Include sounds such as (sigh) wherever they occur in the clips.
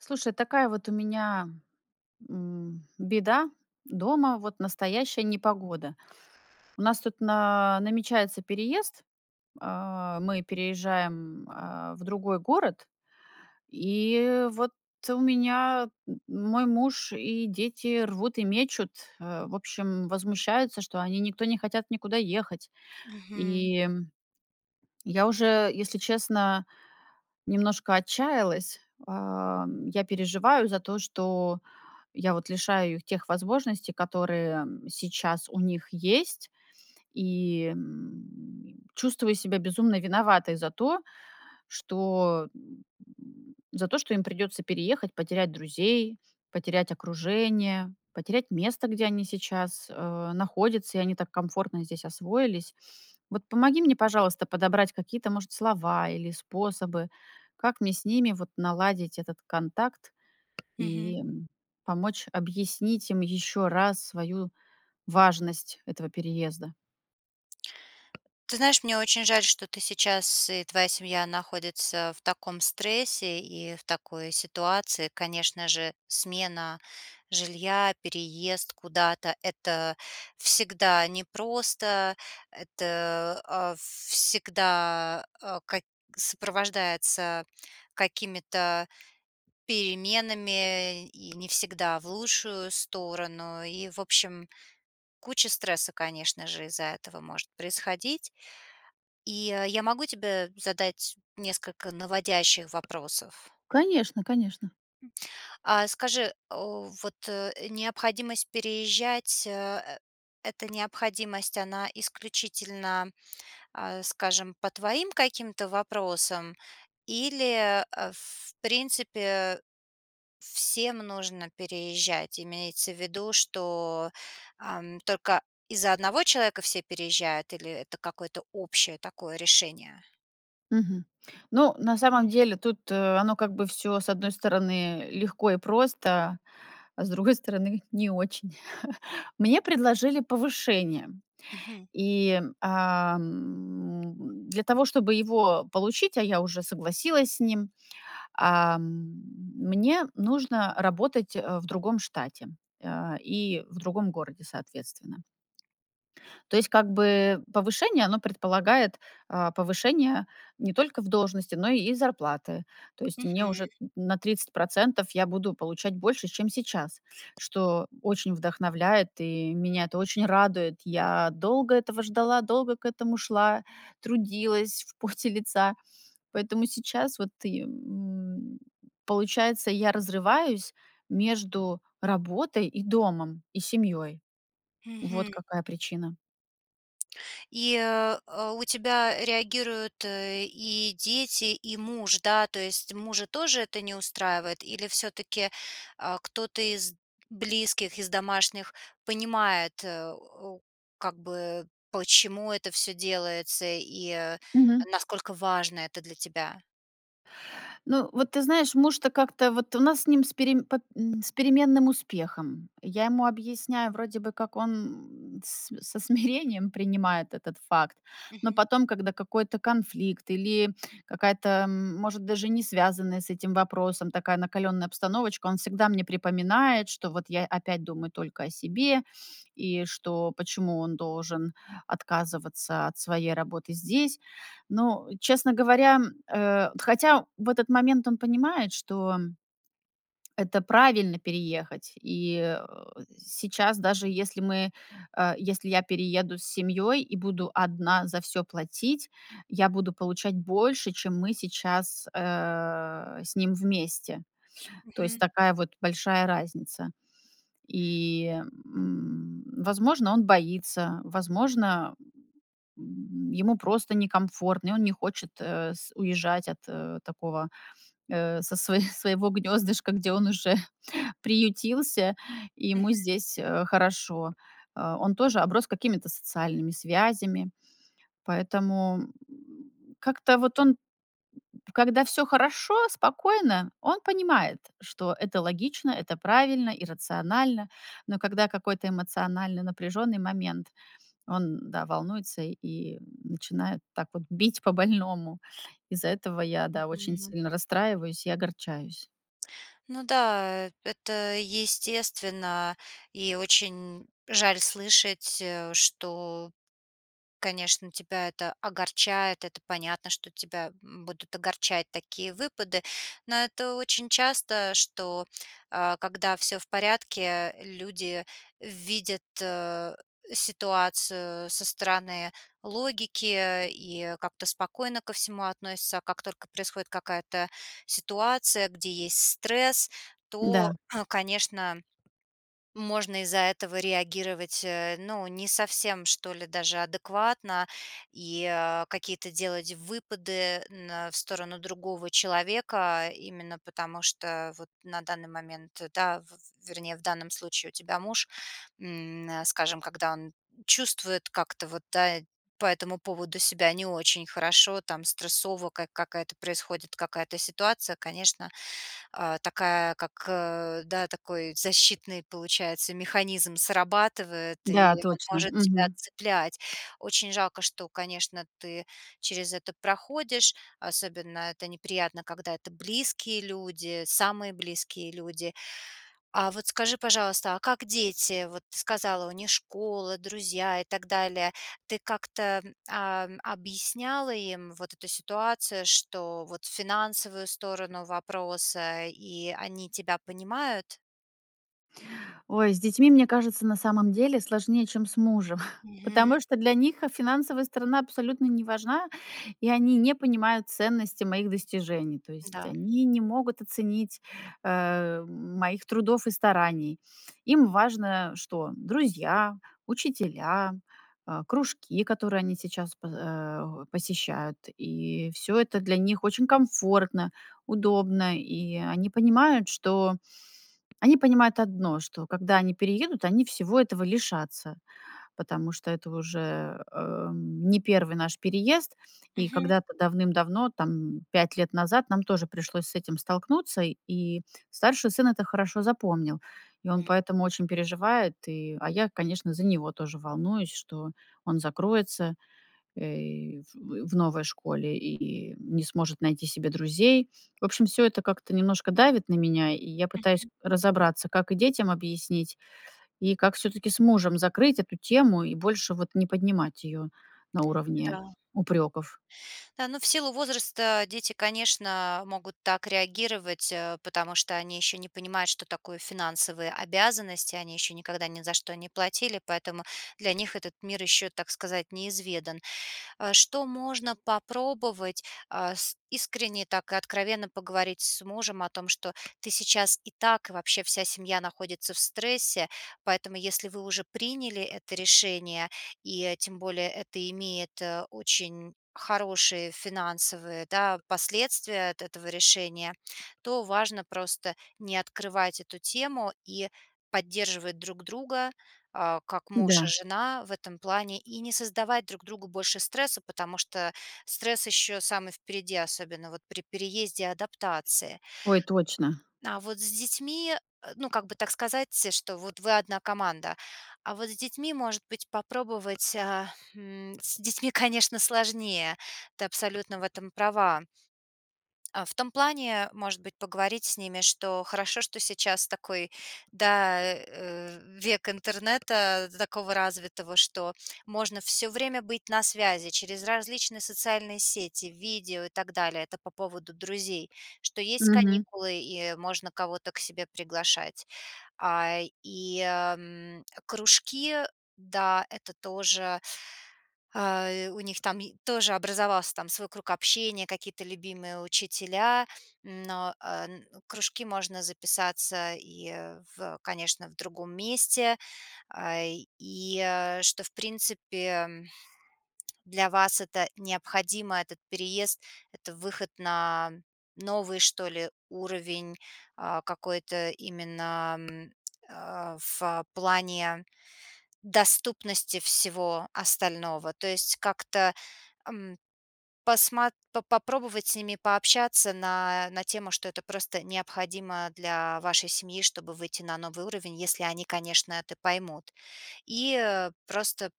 Слушай, такая вот у меня, м, беда дома, вот настоящая непогода. У нас тут на намечается переезд, а, мы переезжаем, а, в другой город, и вот у меня м мой муж и дети рвут и мечут. Э, в общем, возмущаются, что они никто не хотят никуда ехать. Мгм. И я уже, если честно, немножко отчаялась. Ам, я переживаю за то, что я вот лишаю их тех возможностей, которые сейчас у них есть, и, м, чувствую себя безумно виноватой за то, что (grunts) за то, что им придётся переехать, потерять друзей, потерять окружение, потерять место, где они сейчас, э, находятся, и они так комфортно здесь освоились. Вот помоги мне, пожалуйста, подобрать какие-то, может, слова или способы, как мне с ними, вот, наладить этот контакт? Мгм. И помочь объяснить им ещё раз свою важность этого переезда. Ты знаешь, мне очень жаль, что ты сейчас и твоя семья находится в таком стрессе и в такой ситуации. Конечно же, смена жилья, переезд куда-то- это всегда непросто, это, а, всегда, э, ка сопровождается какими-то переменами, и не всегда в лучшую сторону, и, в общем, куча стресса, конечно же, из-за этого может происходить. И я могу тебе задать несколько наводящих вопросов? Конечно, конечно. А скажи, о, вот необходимость переезжать, э, эта необходимость, она исключительно, а, скажем, по твоим каким-то вопросам? Или, э, в принципе, всем нужно переезжать? Имеется в виду, что, ам, только из-за одного человека все переезжают или это какое-то общее такое решение? Мгм, ну на самом деле тут, э, оно как бы всё, с одной стороны, легко и просто, а с другой стороны, не очень. (chuckles) Мне предложили повышение, Мгм. и, ам, для того чтобы его получить, а я уже согласилась с ним, а, мне нужно работать, э, в другом штате, э, и в другом городе, соответственно. То есть как бы повышение, оно предполагает, а, повышение не только в должности, но и и зарплаты. То есть мне Мгм. уже на 30 % я буду получать больше, чем сейчас, что очень вдохновляет, и меня это очень радует. Я долго этого ждала, долго к этому шла, трудилась в поте лица. Поэтому сейчас вот и, м, получается, я разрываюсь между работой и домом, и семьёй. Вот Мгм. какая причина. И, э, у тебя реагируют, э, и дети, и муж, да? То есть мужа тоже это не устраивает? Или всё-таки, а, кто-то из близких, из домашних понимает, э, о, как бы, почему это всё делается и, э, Мгм. насколько важно это для тебя. Ну, вот ты знаешь, муж-то как-то вот у нас с ним с перем по п м, с переменным успехом. Я ему объясняю, вроде бы как он, м, с со смирением принимает этот факт, но Мгм. потом, когда какой-то конфликт, или какая-то, м, может, даже не связанная с этим вопросом, такая накалённая обстановочка, он всегда мне припоминает, что вот я опять думаю только о себе, и что почему он должен отказываться от своей работы здесь. Но, честно говоря, м, а, хотя в этот момент он понимает, что это правильно- переехать. И, э, сейчас, даже если мы, э, если я перееду с семьёй и буду одна за всё платить, я буду получать больше, чем мы сейчас, э, с ним вместе. То есть Мгм. такая вот большая разница. И, м, возможно, он боится, возможно, м, ему просто некомфортно, и он не хочет, э, с уезжать от, э, такого, э, со сво своего гнёздышка, где он уже приютился и Мгм. ему здесь, э, хорошо. Э, он тоже оброс какими-то социальными связями, поэтому, м, как-то вот он, м, когда всё хорошо, спокойно, он понимает, что это логично, это правильно и рационально. Но когда какой-то эмоциональный напряженный момент, он, да, волнуется и, м, начинает так вот бить по больному. Из-за этого я, да, очень Мгм. сильно расстраиваюсь и огорчаюсь. Ну да, э это естественно. И очень жаль слышать, э, что, конечно, тебя это огорчает. Это понятно, что тебя, м, будут огорчать такие выпады. Но это очень часто, что, а, когда всё в порядке, люди видят, э, ситуацию со стороны логики и как-то спокойно ко всему относятся, а как только происходит какая-то ситуация, где есть стресс, Да. то, конечно, можно из-за этого реагировать, э, ну, не совсем, что ли, даже адекватно. И, а, какие-то делать выпады на в сторону другого человека именно потому, что вот на данный момент, да, в вернее, в данном случае у тебя муж, м, на скажем, когда он чувствует как-то вот, да, и по этому поводу себя не очень хорошо, там, стрессово, как какая-то происходит какая-то ситуация, конечно, а такая как, э, да, такой защитный получается механизм срабатывает, и Да, он точно. может тебя Мгм. цеплять. Очень жалко, что, конечно, ты через это проходишь. Особенно это неприятно, когда это близкие люди, самые близкие люди. А вот скажи, пожалуйста, а как дети? Вот ты сказала, у них школа, друзья и так далее. Ты как-то, а, м, объясняла им вот эту ситуацию, что вот финансовую сторону вопроса, и они тебя понимают? Ой, с детьми, мне кажется, на самом деле сложнее, чем с мужем, (chuckles) Мгм. потому что для них, э, финансовая сторона абсолютно не важна, и они не понимают ценности моих достижений. То есть Да. они не могут оценить, э, м, моих трудов и стараний. Им важно что? Друзья, учителя, а, кружки, которые они сейчас по, а, о посещают, и всё это для них очень комфортно, удобно. И они понимают, что они понимают одно: что когда они переедут, они всего этого лишатся, потому что это уже, э, м, не первый наш переезд. И Мгм. когда-то давным-давно, там, 5 лет назад, нам тоже пришлось с этим столкнуться. И старший сын это хорошо запомнил, и он М. поэтому очень переживает. И, а я, конечно, за него тоже волнуюсь, что он закроется, э, в в новой школе и не сможет найти себе друзей. В общем, всё это как-то немножко давит на меня, и я пытаюсь Мгм. разобраться, как и детям объяснить, и как всё-таки с мужем закрыть эту тему и больше вот не поднимать её на уровне Да. упрёков. Да, ну, в силу возраста дети, конечно, могут так реагировать, э, потому что они ещё не понимают, что такое финансовые обязанности, они ещё никогда ни за что не платили, поэтому для них этот мир ещё, так сказать, неизведан. А что можно попробовать? А, с искренне так и откровенно поговорить с мужем о том, что ты сейчас и так, и вообще вся семья находится в стрессе, поэтому если вы уже приняли это решение, и тем более это имеет, э, очень хорошие финансовые, да, последствия от этого решения, то важно просто не открывать эту тему и поддерживать друг друга, а, как муж и Да. жена в этом плане, и не создавать друг другу больше стресса, потому что стресс ещё самый впереди, особенно вот при переезде и адаптации. Ой, точно. А вот с детьми, э, ну, как бы так сказать, э, что вот вы одна команда. А вот с детьми, может быть, попробовать, а, м, с детьми, конечно, сложнее. Ты абсолютно в этом права. А, в том плане, может быть, поговорить с ними, что хорошо, что сейчас такой, да, э, век интернета, такого развитого, что можно всё время быть на связи через различные социальные сети, видео и так далее. Это по поводу друзей, что есть Мгм. каникулы, и можно кого-то к себе приглашать. А, и, а, м, кружки, да, это тоже, а, у них, е там тоже образовался там свой круг общения, какие-то любимые учителя. М, но, э, н кружки можно записаться и в, э, конечно, в другом месте. А, и, а, что, в принципе, м, Для вас это необходимо. Этот переезд- это выход на новый, что ли, уровень. А какой-то именно, а, в, а, плане доступности всего остального, то есть как-то, ам, посмо по попробовать с ними пообщаться на на тему, что это просто необходимо для вашей семьи, чтобы выйти на новый уровень, если они, конечно, это поймут. И, э, просто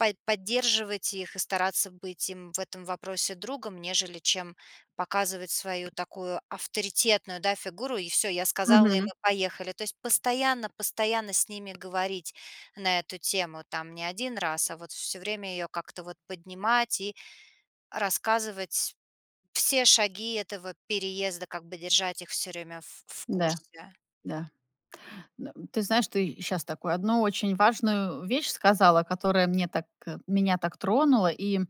по поддерживать их и стараться быть им в этом вопросе другом, нежели чем показывать свою такую авторитетную, да, фигуру и: "Всё, я сказала, и мы Мгм. поехали". То есть постоянно постоянно с ними говорить на эту тему. Там не 1 раз, а вот всё время её как-то вот поднимать и рассказывать все шаги этого переезда, как бы держать их всё время в в Да, курсе. да. Н э, ты знаешь, ты щас такую одну очень важную вещь сказала, которая мне так э, меня так тронула, и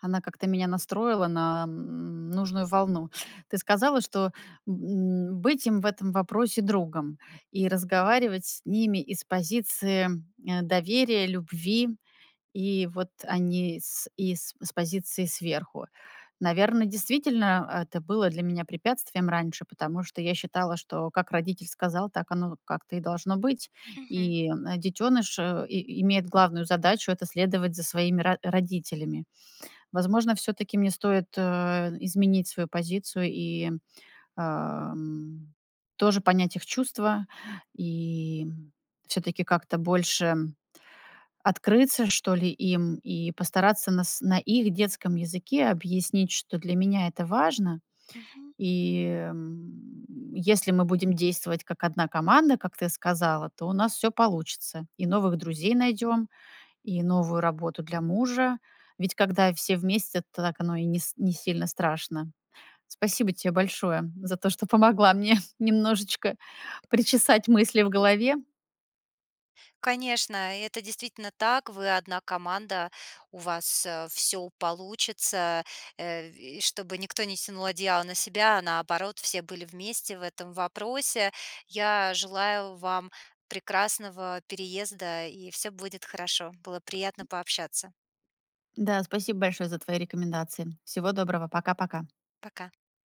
она как-то меня настроила на, м, нужную волну. Ты сказала, что б м, быть им в этом вопросе другом и разговаривать с ними из позиции, а, доверия, любви. И вот, а, не с из с позиции сверху. Наверно, действительно, это было для меня препятствием раньше, потому что я считала, что как родитель сказал, так оно как-то и должно быть. Мгм. И детёныш, э, и имеет главную задачу- это следовать за своими ро родителями. Возможно, всё-таки мне стоит, а, изменить свою позицию и, а, м, тоже понять их чувства, и, м, всё-таки как-то больше открыться, что ли, им и постараться на с на их детском языке объяснить, что для меня это важно. Мгм. И, м, если мы будем действовать как одна команда, как ты сказала, то у нас всё получится: и новых друзей найдём, и новую работу для мужа. Ведь когда все вместе, то так оно и не с не сильно страшно. Спасибо тебе большое за то, что помогла мне немножечко причесать мысли в голове. Конечно, и это действительно так: вы одна команда, у вас, э, всё получится, э, в и чтобы никто не тянул одеяло на себя, а наоборот, все были вместе в этом вопросе. Я желаю вам прекрасного переезда, и всё будет хорошо. Было приятно пообщаться. Да, спасибо большое за твои рекомендации. Всего доброго! Пока-пока! Пока!